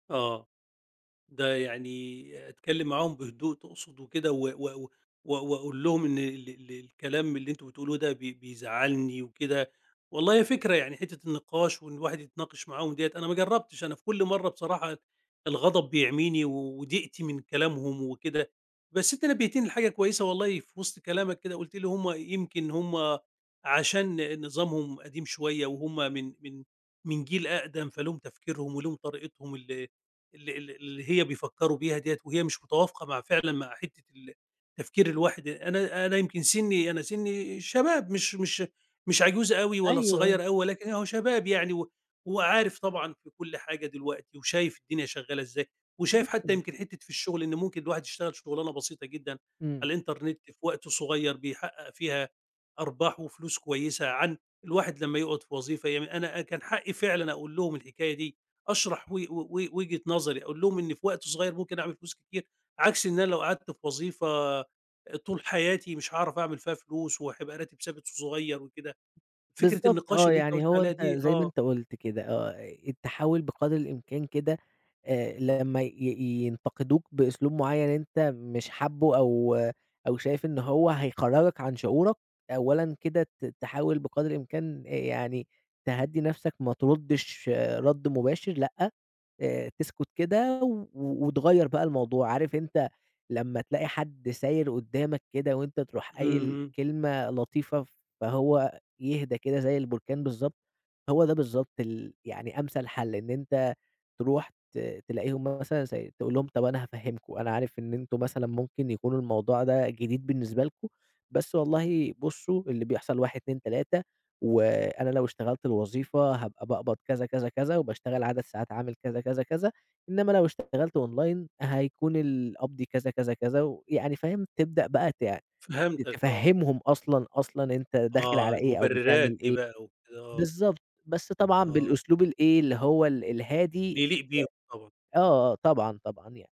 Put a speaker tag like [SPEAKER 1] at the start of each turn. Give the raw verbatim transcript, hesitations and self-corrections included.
[SPEAKER 1] آه، ده يعني أتكلّم معاهم بهدوء تقصد وكده، و و و و واقول لهم إن ال ال الكلام اللي أنتم بتقولوا ده بي بيزعلني وكده، والله هي فكرة يعني حتة النقاش وإن الواحد يتناقش معاهم دِيّة، أنا ما جرّبتش أنا في كل مرّة بصراحة اد الغضب بيعميني و وضيقتي من كلامهم وكده، بس أنت نبهتني لحاجة كويسة والله في وِسط كلامك كده وقُلت لي هُم يمكن هُم عشان نظامهم قديم شوية، وهُم من من من جيل أقدم فليهم تفكيرهم وليهم طريقتهم اللي اللي اللي اللي هي بيفكروا بيها دِيّة، وهي مش متوافقة مع فعلًا مع حتة ال تفكير الواحد أ أنا أنا يمكن سني أنا سني شباب مش مش مش عجوز أوي ولا
[SPEAKER 2] أيوه.
[SPEAKER 1] صغير أوي، ولكن أهو شباب يعني و وعارف طبعًا في كل حاجة دلوقتي وشايف الدنيا شغالة ازاي، وشايف حتى
[SPEAKER 2] [unintelligible]
[SPEAKER 1] يمكن حتة في الشغل إن ممكن الواحد يشتغل شغلانة بسيطة جدًا
[SPEAKER 2] إمم.
[SPEAKER 1] على الإنترنت في وقت صغيّر بيحقق فيها أرباح وفلوس كويسة عن الواحد لما يقعُد في وظيفة يعم أنا أ كان حقي فعلًا اقول لهم الحكاية دي، أشرح و و و وجهة نظري، اقول لهم إني في وقت صغيّر ممكن اعمل فلوس كتير عكس إن أنا لو قعدت في وظيفة أ طول حياتي مش هاعرف اعمل فيها فلوس وحيبقى راتب ثابت ص صغيّر وكده، فكرة
[SPEAKER 2] بالضبط
[SPEAKER 1] النقاش
[SPEAKER 2] آه،
[SPEAKER 1] اللي أنت
[SPEAKER 2] يعني
[SPEAKER 1] قُلت
[SPEAKER 2] هو
[SPEAKER 1] عليها
[SPEAKER 2] أنت
[SPEAKER 1] دي
[SPEAKER 2] زي ما
[SPEAKER 1] آه.
[SPEAKER 2] أنت قُلت كده آه، أي التحول بقدر الإمكان كده آآ، لمّا ي ينتقدوك بإسلوب معيّن أنت مش حابه أو أو شايف إن هو هيخرّجك عن شعورك، أولًا كده ت تحاول بقدر الإمكان آآ، يعني تهدّي نفسك ما تردش رَد مباشر لأ، آآ، تسكت كده و و وتغيّر بقى الموضوع عارف أنت لما تلاقي حد ساير قدّامك كده وأنت تروح قايل
[SPEAKER 1] اهم.
[SPEAKER 2] كلمة لطيفة فهو أ يهدا كده زي البركان بالضبط، هو ده بالضبط ال يعني أمثل حَل إن أنت تروح ت تلاقي هُم مثلًا [unintelligible] تقول لهم طب أنا هافهمكم، أنا عارف إن أنتم مثلًا ممكن يكون الموضوع ده جديد بالنسبة لكم، بس والله بصوا اللي بيحصل واحد اتنين تلاتة وأنا لو اشتغلت الوظيفة هابقى باقبض كذا، كذا، كذا، وباشتغل عدد ساعات عمل كذا، كذا، كذ، ا إنّما لو اشتغلت أونلاين هيكون القبض كذا، كذا، كذا ويعني فاهم؟ تبدأ بقى ت
[SPEAKER 1] فهمتك آه.
[SPEAKER 2] تفهمهم أصلًا أصلًا أنت داخل
[SPEAKER 1] آه،
[SPEAKER 2] على إيه أو
[SPEAKER 1] المبررات
[SPEAKER 2] بتعمل
[SPEAKER 1] دي
[SPEAKER 2] إيه.
[SPEAKER 1] بقى وكده، آه.
[SPEAKER 2] بالضبط بس طبعًا
[SPEAKER 1] آه.
[SPEAKER 2] بالأسلوب الإيه اللي هو ال الهادي.
[SPEAKER 1] اللي يليق بيهم طبعًا.
[SPEAKER 2] [unintelligible] آه، آه، طبعًا، طبعًا يعني.